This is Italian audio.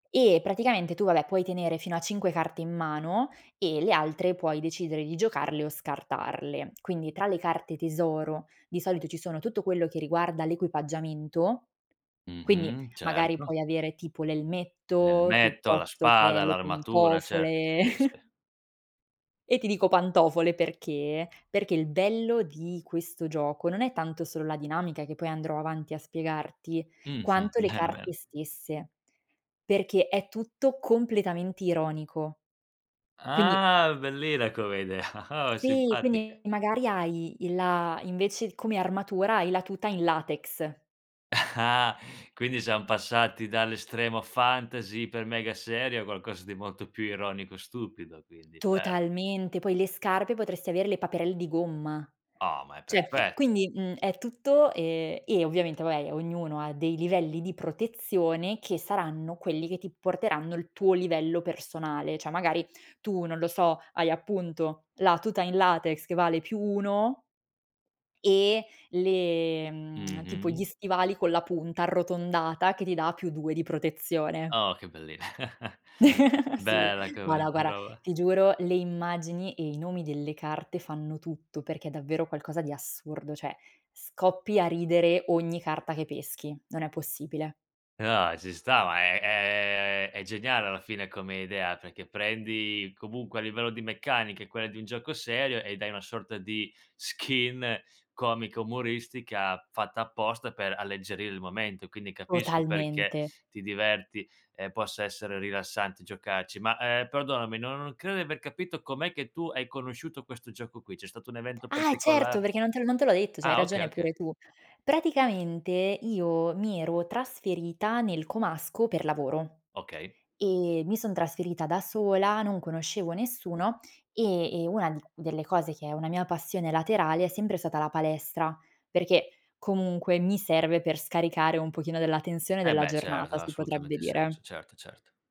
E praticamente tu vabbè puoi tenere fino a 5 carte in mano e le altre puoi decidere di giocarle o scartarle. Quindi tra le carte tesoro di solito ci sono tutto quello che riguarda l'equipaggiamento, quindi Mh-mh. magari Certo. puoi avere tipo l'elmetto L'elmetto, la piuttosto che spada, le l'armatura, cer pantofole. sì, sì. E ti dico pantofole perché? Perché il bello di questo gioco, non è tanto solo la dinamica che poi andrò avanti a spiegarti, Mh.. quanto le Bene carte bene. stesse. Perché è tutto completamente ironico. Quindi Quindi Ah bellina come idea. Oh è Sì, quindi Simpatica. magari hai il la invece come armatura hai la tuta in latex. Ah quindi siam passati dall'estremo fantasy iper mega serio, a qualcosa di molto più ironico e stupido, quindi, bel Totalmente. Poi le scarpe potresti avere le paperelle di gomma. Oh ma è Cioè perfet quindi, mhmm, è tutto e e ovviamente vabbè ognuno ha dei livelli di protezione che saranno quelli che ti porteranno il tuo livello personale. Cioè magari tu non lo so hai appunto la tuta in latex che vale + 1 e le mhmm, tipo gli Mh-mh. stivali con la punta arrotondata che ti dà + 2 di protezione. Oh che belli Sì, Bella ma come no guarda, roba. ti giuro le immagini e i nomi delle carte fanno tutto, perché è davvero qualcosa di assurdo, cioè scoppi a ridere ogni carta che peschi, non è possibile. Eh no, ci sta, ma è è è geniale alla fine come idea, perché prendi comunque a livello di meccanica, è quella di un gioco serio e dai una sorta di skin comica umoristica fatta apposta per alleggerire il momento. Quindi capisco perché Totalmente. ti diverti, ehm, possa essere rilassante giocarci. Ma, ehm, perdonami, no non credo di aver capito com'è che tu hai conosciuto questo gioco qui. C'è stato un evento Ah e certo, particola perché non te l'ho non te l'ho detto, c'hai Ah, okay ragione okay. pure tu. Praticamente io mi ero trasferita nel comasco, per lavoro Okay. e mi son trasferita da sola, non conoscevo nessuno e e una di delle cose che è una mia passione laterale è sempre stata la palestra, perché comunque mi serve per scaricare un pochino della tensione Eh della beh certo giornata, ha si potrebbe assolutamente senso. dire. Certo certo.